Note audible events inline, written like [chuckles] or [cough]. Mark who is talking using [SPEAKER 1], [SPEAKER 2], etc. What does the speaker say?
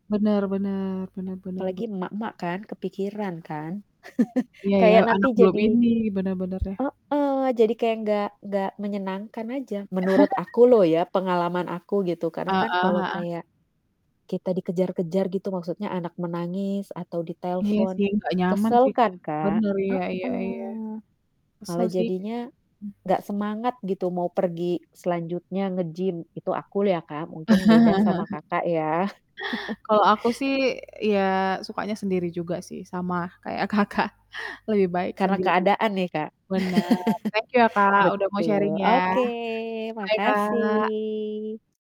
[SPEAKER 1] Benar benar, benar benar be
[SPEAKER 2] Apalagi emak-emak kan kepikiran kan [chuckles]
[SPEAKER 1] Iya ya
[SPEAKER 2] kayak nanti
[SPEAKER 1] anak belum
[SPEAKER 2] jadi
[SPEAKER 1] ini benar benar ya.
[SPEAKER 2] Heeh, jadi kayak nggak nggak menyenangkan aja. Menurut
[SPEAKER 1] [laughs]
[SPEAKER 2] aku lho ya, pengalaman aku gitu karena
[SPEAKER 1] Heeh
[SPEAKER 2] kan kalau
[SPEAKER 1] heeh.
[SPEAKER 2] kayak kita dikejar-kejar gitu maksudnya anak menangis atau
[SPEAKER 1] Iya
[SPEAKER 2] ditelepon
[SPEAKER 1] sih nggak nyaman
[SPEAKER 2] kesel
[SPEAKER 1] sih,
[SPEAKER 2] kan,
[SPEAKER 1] bener
[SPEAKER 2] Kak.
[SPEAKER 1] bener iya iya iya.
[SPEAKER 2] Heeh,
[SPEAKER 1] Kesel
[SPEAKER 2] malah
[SPEAKER 1] sih,
[SPEAKER 2] jadinya
[SPEAKER 1] hmm.
[SPEAKER 2] gak semangat gitu mau pergi selanjutnya nge-gym itu aku ya, Kak, mungkin beda sama,
[SPEAKER 1] [chuckles]
[SPEAKER 2] Kakak, ya. [laughs]
[SPEAKER 1] Kalau aku sih ya sukanya sendiri juga sih sama kayak, Kakak, lebih baik
[SPEAKER 2] Karena
[SPEAKER 1] sendiri
[SPEAKER 2] keadaan ya, Kak?
[SPEAKER 1] bener, thank you ya,
[SPEAKER 2] [laughs]
[SPEAKER 1] Kak, udah mau sharing
[SPEAKER 2] Betul,
[SPEAKER 1] ya,
[SPEAKER 2] oke
[SPEAKER 1] bye, Kak.
[SPEAKER 2] makasih.